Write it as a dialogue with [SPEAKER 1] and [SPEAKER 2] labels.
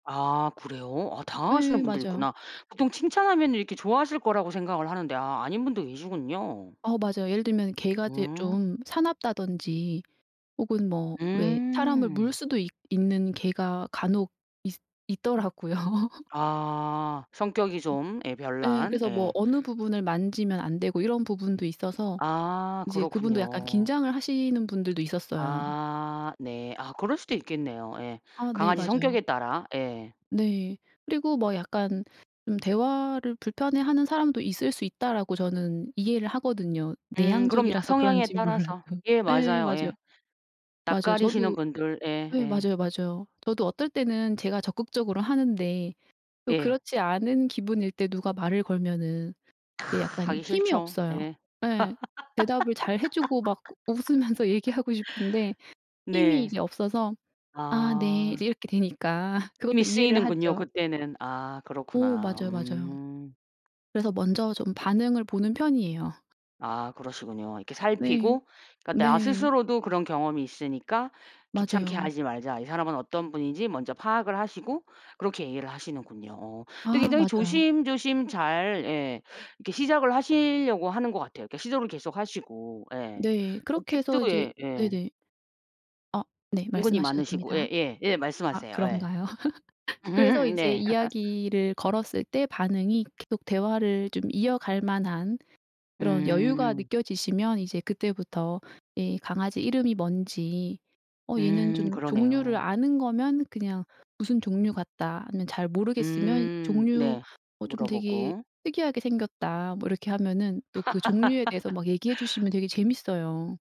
[SPEAKER 1] 아 그래요? 아
[SPEAKER 2] 예.
[SPEAKER 1] 당황하시는 분들이
[SPEAKER 2] 맞아요.
[SPEAKER 1] 있구나. 보통 칭찬하면 이렇게 좋아하실 거라고 생각을 하는데 아 아닌 분도 계시군요.
[SPEAKER 2] 어 맞아요. 예를 들면은 개가 이제
[SPEAKER 1] 음.
[SPEAKER 2] 좀 사납다든지 혹은 뭐 왜 사람을
[SPEAKER 1] 음.
[SPEAKER 2] 물 수도 있 있는 개가 간혹 있 있더라고요.
[SPEAKER 1] 아. 성격이 좀 예
[SPEAKER 2] 어 예.
[SPEAKER 1] 별난
[SPEAKER 2] 그래서 뭐
[SPEAKER 1] 예.
[SPEAKER 2] 어느 부분을 만지면 안 되고 이런 부분도 있어서
[SPEAKER 1] 아
[SPEAKER 2] 이제 그분도 약간
[SPEAKER 1] 그렇군요.
[SPEAKER 2] 긴장을 하시는 분들도 있었어요.
[SPEAKER 1] 아 네. 아 그럴 수도 있겠네요. 예.
[SPEAKER 2] 아 네
[SPEAKER 1] 강아지 성격에
[SPEAKER 2] 맞아요.
[SPEAKER 1] 따라. 예.
[SPEAKER 2] 네. 그리고 뭐 약간 좀 '대화를 불편해하는 사람도 있을 수 있다.'라고 저는 이해를 하거든요
[SPEAKER 1] 음 그럼요.
[SPEAKER 2] 내향적이라서
[SPEAKER 1] 성향에
[SPEAKER 2] 그런진 몰라도.
[SPEAKER 1] 따라서. 예
[SPEAKER 2] 예
[SPEAKER 1] 맞아요.
[SPEAKER 2] 맞아요.
[SPEAKER 1] 예.
[SPEAKER 2] 맞아요.
[SPEAKER 1] 낯가리시는
[SPEAKER 2] 저도
[SPEAKER 1] 분들. 예
[SPEAKER 2] 네
[SPEAKER 1] 예.
[SPEAKER 2] 맞아요, 맞아요. 저도 어떨 때는 제가 적극적으로 하는데 또
[SPEAKER 1] 예.
[SPEAKER 2] 그렇지 않은 기분일 때 누가 말을 걸면은 예 약간
[SPEAKER 1] 가기
[SPEAKER 2] 힘이
[SPEAKER 1] 싫죠.
[SPEAKER 2] 없어요.
[SPEAKER 1] 예.
[SPEAKER 2] 예. 대답을 잘 해 주고 막 우 웃으면서 얘기하고 싶은데 힘이
[SPEAKER 1] 네.
[SPEAKER 2] 이제 없어서 "아 네."
[SPEAKER 1] 아.
[SPEAKER 2] 이제 이렇게 되니까 그것도
[SPEAKER 1] 힘이
[SPEAKER 2] 이해를
[SPEAKER 1] 쓰이는군요
[SPEAKER 2] 하죠.
[SPEAKER 1] 그때는. 아
[SPEAKER 2] 어
[SPEAKER 1] 그렇구나.
[SPEAKER 2] 맞아요, 맞아요.
[SPEAKER 1] 음.
[SPEAKER 2] 그래서 먼저 좀 반응을 보는 편이에요.
[SPEAKER 1] 아 그러시군요. 이렇게
[SPEAKER 2] 네.
[SPEAKER 1] 살피고 음. 그러니까 '나
[SPEAKER 2] 네.
[SPEAKER 1] 스스로도 그런 경험이 있으니까 귀찮게
[SPEAKER 2] 맞아요.
[SPEAKER 1] 하지 말자.' 이 사람은 어떤 분인지 먼저 파악을 하시고 그렇게 얘기를 하시는군요. 어 근데
[SPEAKER 2] 아
[SPEAKER 1] 굉장히
[SPEAKER 2] 맞아요.
[SPEAKER 1] 조심조심 잘 예 이렇게 시작을 하시려고 하는 것 같아요. 그러니까 시도를 계속하시고 예.
[SPEAKER 2] 네.
[SPEAKER 1] 그
[SPEAKER 2] 그렇게
[SPEAKER 1] 팁도
[SPEAKER 2] 해서 이제
[SPEAKER 1] 예 예.
[SPEAKER 2] 네네. 어 네.
[SPEAKER 1] 은근히
[SPEAKER 2] 말씀하셔도
[SPEAKER 1] 많으시고 예
[SPEAKER 2] 됩니다.
[SPEAKER 1] 예 예.
[SPEAKER 2] 아
[SPEAKER 1] 말씀하세요. 예.
[SPEAKER 2] 그런가요? 그래서 이제
[SPEAKER 1] 네.
[SPEAKER 2] 이야기를 걸었을 때 반응이 계속 대화를 좀 이어갈 만한 그런 여유가
[SPEAKER 1] 음.
[SPEAKER 2] 느껴지시면 이제 그때부터 이 강아지 이름이 뭔지 "어 얘는"
[SPEAKER 1] 음.
[SPEAKER 2] 좀 종류를
[SPEAKER 1] 그러네요.
[SPEAKER 2] 아는 거면 그냥 "무슨 종류 같다." 아니면 잘 모르겠으면
[SPEAKER 1] 음.
[SPEAKER 2] "종류
[SPEAKER 1] 네.
[SPEAKER 2] 어 좀 되게
[SPEAKER 1] 물어보고.
[SPEAKER 2] 특이하게 생겼다." 뭐 이렇게 하면은 또 그 종류에 대해서 막 얘기해 주시면 되게 재밌어요.